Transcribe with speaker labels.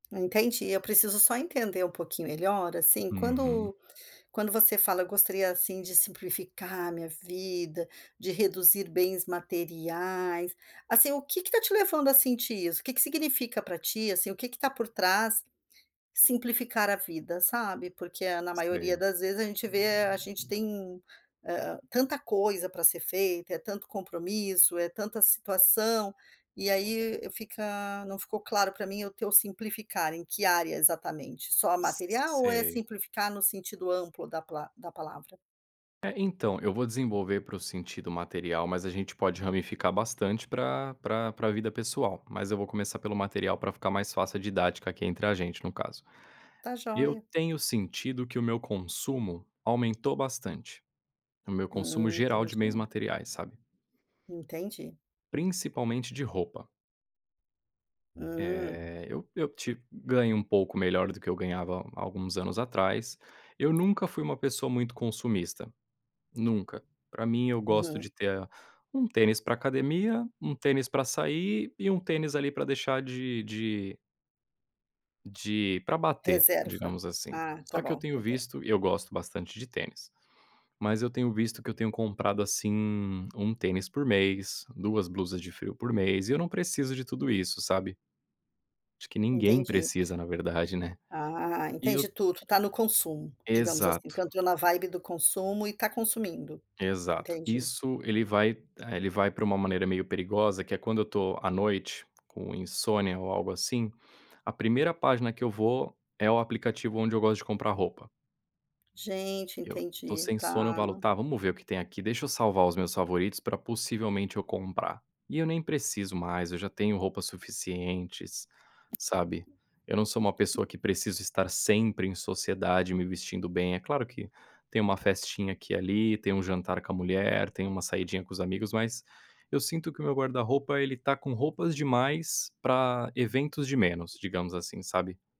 Speaker 1: Entendi, eu preciso só entender um pouquinho melhor, assim,
Speaker 2: Uhum.
Speaker 1: quando quando você fala: "Eu gostaria, assim, de simplificar a minha vida, de reduzir bens materiais". Assim, o que que tá te levando a sentir isso, o que que significa para ti, assim, o que que tá por trás, simplificar a vida, sabe? Porque, na maioria
Speaker 2: Sei.
Speaker 1: das vezes, a gente vê a gente tem, hã hã, tanta coisa para ser feita, é tanto compromisso, é tanta situação, e aí fica, não ficou claro para mim o teu simplificar. Em que área, exatamente, só material ou é
Speaker 2: Sei.
Speaker 1: simplificar no sentido amplo da pala da palavra?
Speaker 2: É, então, eu vou desenvolver para o sentido material, mas a gente pode ramificar bastante pra pra pra vida pessoal. Mas eu vou começar pelo material, pra ficar mais fácil a didática aqui entre a gente, no caso.
Speaker 1: Tá
Speaker 2: Eu
Speaker 1: joia.
Speaker 2: tenho sentido que o meu consumo aumentou bastante, o meu consumo
Speaker 1: Hum.
Speaker 2: geral de bens
Speaker 1: Entendi.
Speaker 2: materiais, sabe?
Speaker 1: Entendi.
Speaker 2: Principalmente de roupa.
Speaker 1: Hum.
Speaker 2: Eh, eu -eu te ganho um pouco melhor do que eu ganhava a há alguns anos atrás, eu nunca fui uma pessoa muito consumista, nunca, pra mim eu gosto de
Speaker 1: Uhum.
Speaker 2: ter um tênis para academia, um tênis para sair e um tênis, ali, para deixar de de de, pra bater,
Speaker 1: Reserva,
Speaker 2: digamos assim.
Speaker 1: ah
Speaker 2: Só
Speaker 1: tá
Speaker 2: que eu
Speaker 1: bom.
Speaker 2: tenho
Speaker 1: [unintelligible]
Speaker 2: visto e eu gosto bastante de tênis, mas eu tenho visto que eu tenho comprado, assim, 1 tênis por mês, 2 blusas de frio por mês, e eu não preciso de tudo isso, sabe? Acho que ninguém
Speaker 1: Entendi.
Speaker 2: precisa, na verdade, né.
Speaker 1: Ah,
Speaker 2: E
Speaker 1: entendi
Speaker 2: eu
Speaker 1: tudo. Tá no consumo, digamos assim,
Speaker 2: Exato.
Speaker 1: que entrou na vibe do consumo e tá consumindo,
Speaker 2: Exato,
Speaker 1: entendi.
Speaker 2: isso ele vai eh, ele vai para uma maneira meio perigosa que é quando eu tô à noite com insônia, ou algo assim, a primeira página que eu vou é o aplicativo onde eu gosto de comprar roupa.
Speaker 1: Gente,
Speaker 2: Eu tô
Speaker 1: entendi.
Speaker 2: sem sono, eu falo:
Speaker 1: Tá.
Speaker 2: "Tá, vamos ver o que tem aqui? Deixa eu salvar os meus favoritos pra possivelmente eu comprar." E eu nem preciso mais, eu já tenho roupas suficientes, sabe. Eu não sou uma pessoa que preciso estar sempre em sociedade me vestindo bem, é claro que tem uma festinha aqui e ali, tem um jantar com a mulher, tem uma saidinha com os amigos mas, eu sinto que o meu guarda-roupa ele tá com roupas demais para eventos de menos, digamos assim, sabe.